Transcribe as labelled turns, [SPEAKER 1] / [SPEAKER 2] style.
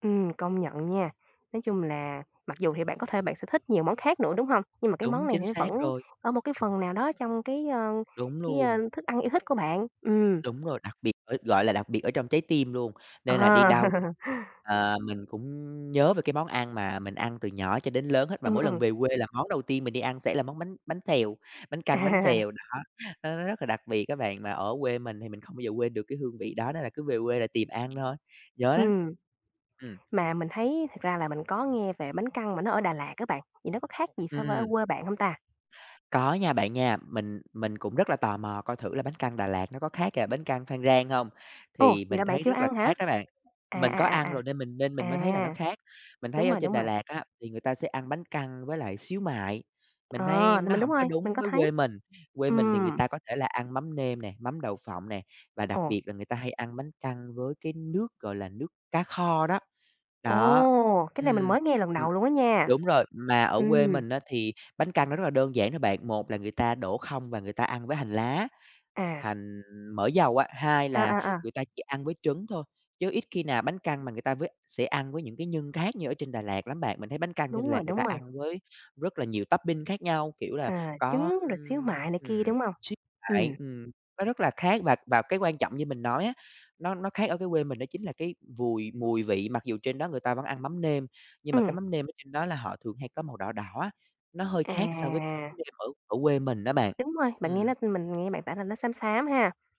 [SPEAKER 1] Ừm, công nhận nha, nói chung là mặc dù thì bạn có thể bạn sẽ thích nhiều món khác nữa, đúng hông? Nhưng mà cái món
[SPEAKER 2] Đúng,
[SPEAKER 1] này
[SPEAKER 2] chính
[SPEAKER 1] thì nó
[SPEAKER 2] xác
[SPEAKER 1] vẫn
[SPEAKER 2] rồi.
[SPEAKER 1] ở một cái phần nào đó trong cái, ơ,
[SPEAKER 2] Đúng
[SPEAKER 1] cái, ơ,
[SPEAKER 2] luôn.
[SPEAKER 1] thức ăn yêu thích của bạn. Ừm.
[SPEAKER 2] Đúng rồi, đặc biệt, ờ, gọi là, đặc biệt ở trong trái tim luôn, nên là đi đâu,
[SPEAKER 1] À!
[SPEAKER 2] à mình cũng nhớ về cái món ăn mà mình ăn từ nhỏ cho đến lớn hết, và
[SPEAKER 1] Ừm,
[SPEAKER 2] mỗi lần
[SPEAKER 1] ừm.
[SPEAKER 2] về quê là món đầu tiên mình đi ăn sẽ là món bánh bánh xèo, bánh căn bánh
[SPEAKER 1] À.
[SPEAKER 2] xèo, đó. Nó rất là đặc biệt á bạn, mà ở quê mình thì mình không bao giờ quên được cái hương vị đó, nên là cứ về quê là tìm ăn thôi, nhớ lắm.
[SPEAKER 1] Ừm.
[SPEAKER 2] Ừm.
[SPEAKER 1] Mà mình thấy thật ra là mình có nghe về bánh căn mà nó ở Đà Lạt á bạn, thì nó có khác gì
[SPEAKER 2] Ừm,
[SPEAKER 1] so với ở
[SPEAKER 2] ừm.
[SPEAKER 1] quê bạn hông ta?
[SPEAKER 2] Có nha bạn nha. Mình mình cũng rất là tò mò coi thử là bánh căn Đà Lạt nó có khác cả bánh căn Phan Rang hông?
[SPEAKER 1] Ồ!
[SPEAKER 2] Thì
[SPEAKER 1] Vậy
[SPEAKER 2] mình
[SPEAKER 1] là bạn
[SPEAKER 2] thấy
[SPEAKER 1] chưa
[SPEAKER 2] rất là
[SPEAKER 1] ăn hả?
[SPEAKER 2] khác đó bạn,
[SPEAKER 1] À,
[SPEAKER 2] mình
[SPEAKER 1] à,
[SPEAKER 2] có
[SPEAKER 1] à,
[SPEAKER 2] ăn
[SPEAKER 1] à.
[SPEAKER 2] rồi nên mình nên mình mới thấy là nó
[SPEAKER 1] À!
[SPEAKER 2] khác, mình
[SPEAKER 1] Đúng
[SPEAKER 2] thấy ở
[SPEAKER 1] rồi,
[SPEAKER 2] trên
[SPEAKER 1] đúng
[SPEAKER 2] Đà
[SPEAKER 1] rồi.
[SPEAKER 2] Lạt á, thì người ta sẽ ăn bánh căn với lại xíu mại,
[SPEAKER 1] Ờ,
[SPEAKER 2] mình thấy
[SPEAKER 1] thì
[SPEAKER 2] nó
[SPEAKER 1] mình đúng
[SPEAKER 2] hổng có
[SPEAKER 1] rồi,
[SPEAKER 2] đúng
[SPEAKER 1] mình có
[SPEAKER 2] với
[SPEAKER 1] thấy.
[SPEAKER 2] quê mình, quê mình thì người
[SPEAKER 1] Ừm.
[SPEAKER 2] ta có thể là ăn mắm nêm nè, mắm đậu phộng nè, và đặc
[SPEAKER 1] Ồ.
[SPEAKER 2] biệt là người ta hay ăn bánh căn với cái nước, gọi là, nước cá kho đó. Đó,
[SPEAKER 1] Ồ! Cái này mình
[SPEAKER 2] ừm,
[SPEAKER 1] mới nghe lần
[SPEAKER 2] ừm
[SPEAKER 1] đầu luôn á nha.
[SPEAKER 2] đúng rồi. Mà ở quê
[SPEAKER 1] Ừm.
[SPEAKER 2] mình á thì bánh căn nó rất là đơn giản thôi bạn, một là người ta đổ không và người ta ăn với hành lá,
[SPEAKER 1] À.
[SPEAKER 2] hành mỡ dầu á, hai
[SPEAKER 1] À,
[SPEAKER 2] là
[SPEAKER 1] à, à.
[SPEAKER 2] người ta chỉ ăn với trứng thôi, chứ ít khi nào bánh căn mà người ta với sẽ ăn với những cái nhân khác như ở trên Đà Lạt lắm bạn. Mình thấy bánh căn ở trên
[SPEAKER 1] Đúng
[SPEAKER 2] Đà
[SPEAKER 1] rồi,
[SPEAKER 2] Lạt người ta
[SPEAKER 1] đúng rồi.
[SPEAKER 2] ăn với rất là nhiều topping khác nhau, kiểu là,
[SPEAKER 1] À,
[SPEAKER 2] có
[SPEAKER 1] trứng rồi xíu
[SPEAKER 2] ưm,
[SPEAKER 1] mại này kia,
[SPEAKER 2] ừm,
[SPEAKER 1] đúng hông?
[SPEAKER 2] [unintelligible] mại,
[SPEAKER 1] Ừm.
[SPEAKER 2] ừm, nó rất là khác và và cái quan trọng như mình nói á, nó nó khác ở cái quê mình đó chính là cái vùi mùi vị mặc dù trên đó người ta vẫn ăn mắm nêm, nhưng mà cái
[SPEAKER 1] Ừm.
[SPEAKER 2] mắm nêm ở trên đó là họ thường hay có màu đỏ đỏ á, nó hơi khác so với cái mắm
[SPEAKER 1] À!
[SPEAKER 2] nêm ở ở quê mình á bạn.
[SPEAKER 1] Đúng rồi, bạn nghe
[SPEAKER 2] Ừm.
[SPEAKER 1] nó mình nghe bạn tả là nó xám xám ha.